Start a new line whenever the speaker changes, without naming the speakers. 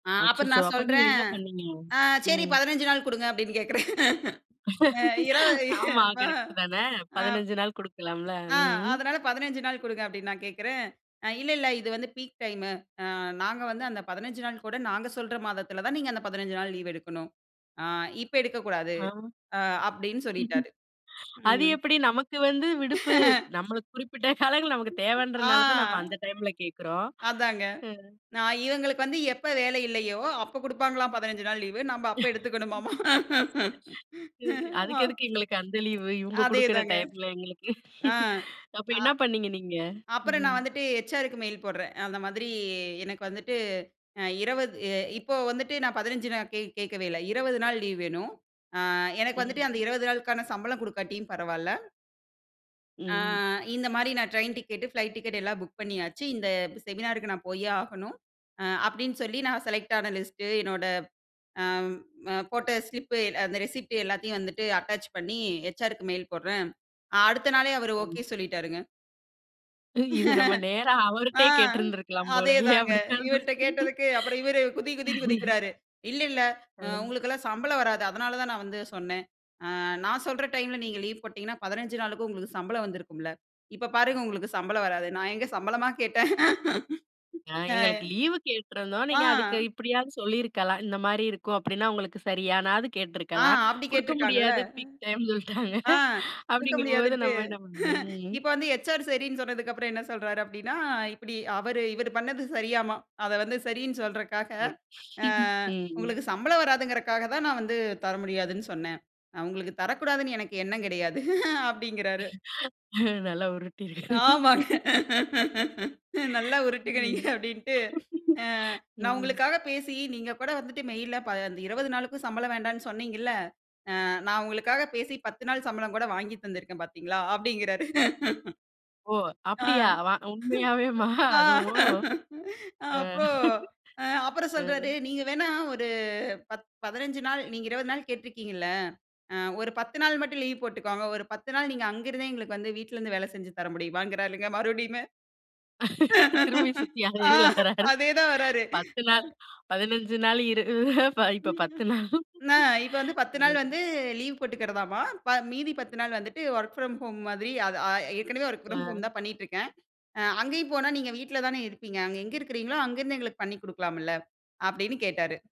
ஆ. அப்ப
அச்சச்சோ!
நான்
அப்ப நீங்க
சொல்றேன்.
என்ன பண்ணீங்க?
அ சரி
ம்.
15 நாள் குடுங்க, அப்டின்னு கேக்கறேன். ஆ, இரவு
ஆமா,
ஆ,
கரெக்ட் தானே.
ஆ.
15 நாள் குடுக்கலாம்ல.
ஆ,
ம். ம்.
அதனால 15 நாள் குடுங்க அப்டின்னு நான் கேக்கறேன். அ இல்ல, இல்ல இது வந்து பீக் டைமு நாங்க வந்து அந்த 15 நாள் கூட நாங்க சொல்ற மாதத்தில தான் நீங்க அந்த 15 நாள் லீவ் எடுக்கணும். ஆ இப்ப எடுக்கக்கூடாது
ஆ.
அ அப்டின்னு சொல்லிட்டாரு.
அது
ம்.
எப்டி நமக்கு வந்து விடுப்பு நமக்கு குறிப்பிட்ட காலங்கள் நமக்கு
ஆ.
தேவன்றதுனால தான் நம்ம அந்த டைம்ல கேக்கறோம்.
அதாங்க.
அ.
நான் இவங்களுக்கு வந்து எப்ப வேலை இல்லையோ, அப்ப குடுப்பாங்களாம் 15 நாள் லீவ். நாம அப்ப எடுத்துக்கணுமாம். ஆ
அதுக்கு எதுக்கு எங்களுக்கு அந்த லீவ் இவங்க குடுக்குற
அதேதாங்க.
டைம்ல எங்களுக்கு.
ஆ.
அப்ப
ஆ.
என்ன பண்ணீங்க நீங்க?
அப்புறம்
ம்.
நான் வந்துட்டு ஹச்.ஆர்.க்கு மெயில் போடுறேன். அந்த மாதிரி எனக்கு வந்துட்டு அ 20 இ இப்போ வந்துட்டு நான் 15 நாள் கே கேட்கவே இல்ல 20 நாள் லீவ் வேணும். ஆ எனக்கு வந்துட்டு அந்த
ம்.
20 நாளுக்கான சம்பளம் குடுக்காட்டியும் பரவால்ல. ஆ
ம்.
இந்த மாரி நான் ட்ரெயின் டிக்கெட், ஃப்ளைட் டிக்கெட் எல்லாம் புக் பண்ணியாச்சு இந்த செமினாருக்கு நான் போயே ஆகணும். அ அப்டின்னு சொல்லி நான் செலக்ட் ஆன லிஸ்ட் என்னோட ஆம் அ போட்ட ஸ்லிப் அந்த ரிசிப்ட் எல்லாத்தையும் வந்துட்டு அட்டாச் பண்ணி ஹெச்.ஆர்.க்கு மெயில் போடுறேன் அடுத்த நாளே அவரு
ம்.
ஓகே சொல்லிட்டாருங்க.
இது நம்ம நேரா
ஆ
அவர்ட்டயே கேட்டுருந்திருக்கலாம் போலயே.
அதேதாங்க இவர்ட்ட
[unintelligible]
கேட்டதுக்கு அப்புறம் இவர் குதி, குதின்னு குதிக்கிறாரு. இல்ல, இல்ல அ
ம்.
உங்களுக்கெல்லாம் சம்பளம் வராது அதனால தான் நான் வந்து சொன்னேன். அ நான் சொல்ற டைம்ல நீங்க லீவ் போட்டீங்கன்னா 15 நாளுக்கு உங்களுக்கு சம்பளம் வந்திருக்கும்ல. இப்ப பாருங்க உங்களுக்கு சம்பளம் வராது. நான் எங்கே சம்பளமா கேட்டேன்.
ஆ
ஆ.
எங்களுக்கு லீவு கேட்ருந்தோம்.
ஆ
நீங்க அதுக்கு இப்டியாவது சொல்லியிருக்கலாம். இந்த மாரி இருக்கும் அப்டின்னா உங்களுக்கு சரியானாவது
ஆ.
கேட்டுருக்கலாம்.
அப்டி
குடுக்க
கேட்டிருக்காங்கல்ல.
முடியாது பீக் டைம் சொல்லிட்டாங்க
ஆ குடுக்க
அப்டிங்கும்போது
முடியாதுன்ட்டு.
நம்ம என்ன? [unintelligible] ம்.
இப்போ வந்து ஹெச்.ஆர். சரின்னு சொன்னதுக்கு அப்புறம் என்ன சொல்றாரு அப்டின்னா இப்டி அவரு இவரு பண்ணது சரியாமா அத வந்து சரின்னு சொல்றக்காக,
[unintelligible]
அ
ம்.
"உங்களுக்கு சம்பளம் வராதுங்கிறக்காக தான் நான் வந்து தர முடியாதுன்னு சொன்னேன். உங்களுக்கு தரக்கூடாதுன்னு எனக்கு எண்ணம் கிடையாது." அப்டிங்கிறாரு.
நல்லா உருட்டி இருக்காரு.
ஆமாங்க. நல்லா உருட்டுங்க நீங்க
ம்.
அப்டின்ட்டு அ நான்
ம்.
உங்களுக்காக பேசி நீங்க கூட வந்துட்டு மெயில்ல ப 20 நாளுக்கு சம்பளம் வேண்டாம்ன்னு சொன்னீங்கில்ல. அ நான் உங்களுக்காக பேசி 10 நாள் சம்பளம் கூட வாங்கி தந்திருக்கேன் பார்த்தீங்களா அப்டிங்கிறாரு.
ஒஹ்
ஆ.
அப்டியா வ உண்மையாவேமா அதுவும். அ
அப்போ அப்புறம்
அ.
சொல்றாரு நீங்க வேண்ணா ஒரு பத் 15 நாள் நீங்க 20 நாள் கேட்டு இருக்கிறீங்கில்ல. அ ஒரு 10 நாள் மட்டும் லீவ் போட்டுக்கோங்க. ஒரு 10 நாள் நீங்க அங்க இருந்தே எங்களுக்கு வந்து வீட்ல இருந்து வேலை செஞ்சு தர முடியுமாங்குறார்ங்க மறுபடியுமே.
திரும்பி சுத்தி அதே இதுல
ஆ,
வராரு.
அதே தான் வராரு.
10
அ.
நாள் 15 நாள் [unintelligible]
அ
இப்ப 10 நாள்.
நான் இப்ப வந்து 10 நாள்
ம்.
வந்து லீவ் போட்டுக்கறதாமா, ப மீதி 10 நாள் வந்துட்டு வொர்க் ஃப்ரம் ஹோம் மாதிரி ஆ ஏற்கனவே வொர்க் ஃப்ரம்
அ.
ஹோம் தான் பண்ணிட்டு இருக்கேன். அ அங்கேயும் போனா நீங்க வீட்ல தானே இருப்பீங்க. அங்க எங்க இருக்கீங்களோ அங்கிருந்து எங்களுக்கு பண்ணிக்கலாம்ல அப்டின்னு கேட்டாரு.